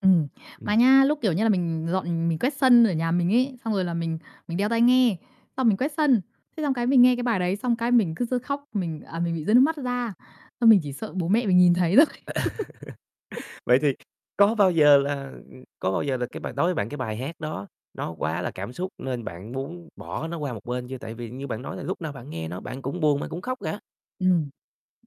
Ừm. Mà Ừm. nha, lúc, kiểu như là, mình dọn mình quét sân ở nhà mình ấy, xong rồi là mình mình đeo tai nghe, xong mình quét sân. Thế xong cái mình nghe cái bài đấy, xong cái mình cứ rứa khóc, mình, à, mình bị rơi nước mắt ra, xong mình chỉ sợ bố mẹ mình nhìn thấy thôi. Vậy thì có bao giờ là ừm, có bao giờ là cái bài đối với bạn cái bài hát đó nó quá là cảm xúc nên bạn muốn bỏ nó qua một bên chưa? Tại vì như bạn nói là lúc nào bạn nghe nó, bạn cũng buồn, bạn cũng khóc cả. Ừm,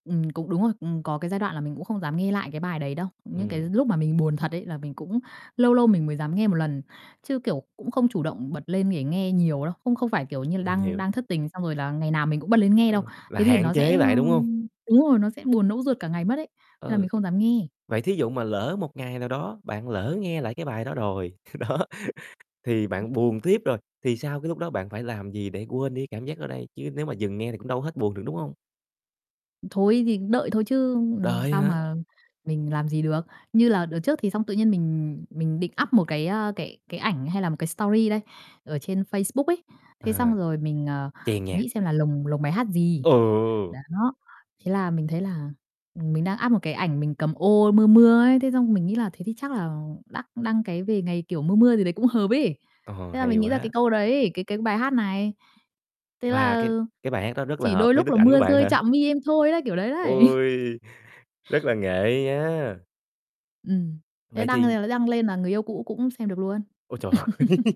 ừm, cũng đúng rồi, ừm, có cái giai đoạn là mình cũng không dám nghe lại cái bài đấy đâu. Những cái Ừm. lúc mà mình buồn thật đấy là mình cũng lâu lâu mình mới dám nghe một lần, chứ, kiểu, cũng không chủ động bật lên để nghe nhiều đâu, không không phải, kiểu như là, Mình đang hiểu. đang thất tình xong rồi là ngày nào mình cũng bật lên nghe Đúng đâu. rồi, là Thế thì hạn nó sẽ, chế ơ lại, đúng hông? đúng rồi, nó sẽ buồn nẫu ruột cả ngày mất ấy, nên là Ừ, mình không dám nghe. vậy thí dụ mà lỡ một ngày nào đó, bạn lỡ nghe lại cái bài đó rồi, đó thì bạn buồn tiếp rồi, thì sau cái lúc đó bạn phải làm gì để quên đi cảm giác đó đây? Chứ nếu mà dừng nghe thì cũng đâu hết buồn được, đúng hông? Ừm, thôi thì đợi thôi chứ, ừm, Đợi sao hả? mà mình làm gì được. Như là đợt trước thì xong tự nhiên mình mình định up một cái, a, cái cái ảnh hay là một cái story đây, ở trên Facebook ấy. Thế À, xong rồi mình, ờ, chèn nhạc. nghĩ xem là lồng lồng bài hát gì. Ừ! Đó, thế là mình thấy là, ừm, mình đang up một cái ảnh mình cầm ô mưa mưa ấy, thế xong mình nghĩ là thế thì chắc là đắc đăng cái về ngày, kiểu, mưa mưa gì đấy cũng hợp ấy. Ờ, Thế là hay mình nghĩ ra quá. cái câu đấy, cái cái bài hát này, thế Và là cái cái bài hát đó rất là "chỉ hợp đôi với lúc đức là ảnh của mưa bạn rơi hả? chạm mi em thôi" đấy, kiểu đấy đấy. Ôi! Rất là nghệ nha! Ừm, thế Vậy đăng thì lên là lấy đăng lên là người yêu cũ cũng xem được luôn. Ôi trời ơi!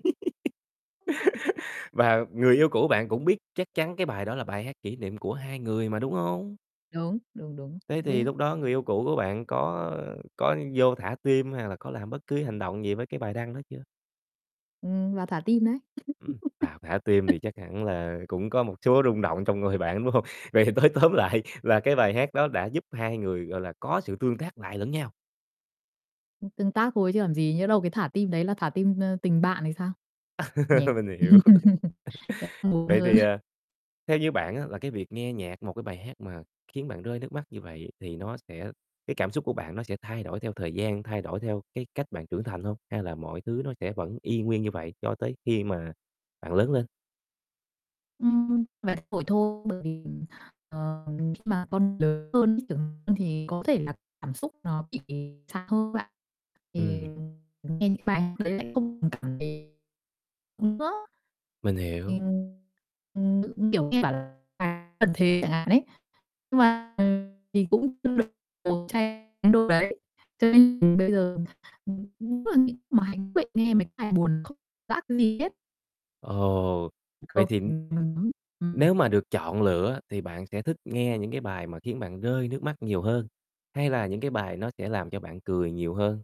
Và người yêu cũ bạn cũng biết chắc chắn cái bài đó là bài hát kỷ niệm của hai người mà, đúng hông? Đúng, đúng, đúng, Thế cũng thì biết. lúc đó người yêu cũ của bạn có có vô thả tim, hay là có làm bất cứ hành động gì với cái bài đăng đó chưa? Ừm, vào thả tim đấy. Ừm, vào thả tim thì chắc hẳn là cũng có một số rung động trong người bạn, phải hông? Vậy thì nói tóm lại là cái bài hát đó đã giúp hai người, gọi là, có sự tương tác lại lẫn nhau. Ưm, tương tác thôi chứ làm gì, nhỡ đâu cái thả tim đấy là thả tim, ơ, tình bạn thì sao? Nhỉ? Mình hiểu. Thế buồn Vậy hơn. thì, ờ, theo như bạn á là cái việc nghe nhạc, một cái bài hát mà khiến bạn rơi nước mắt như vậy thì nó sẽ cái cảm xúc của bạn nó sẽ thay đổi theo thời gian, thay đổi theo cái cách bạn trưởng thành hông? Hay là mọi thứ nó sẽ vẫn y nguyên như vậy cho tới khi mà bạn lớn lên. Ừm, vài buổi thôi, bởi vì, ừm, ờ, khi mà con lớn hơn ấy, trưởng hơn thì có thể là cảm xúc nó bị xa hơn bạn. Thì, Ừm. ừm, nghe những bài đấy lại không còn cảm thấy nữa. Mình Thì, hiểu. ừm, ừm, kiểu như, bảo là cần thế chẳng hạn ấy, nhưng mà, ừ, thì cũng [unintelligible] đấy. Cho nên mình bây giờ [unintelligible] nghe mấy cái bài buồn không giác gì hết. Ồ, Ừm, vậy không thì [unintelligible] nếu ừm. mà được chọn lựa thì bạn sẽ thích nghe những cái bài mà khiến bạn rơi nước mắt nhiều hơn, hay là những cái bài nó sẽ làm cho bạn cười nhiều hơn?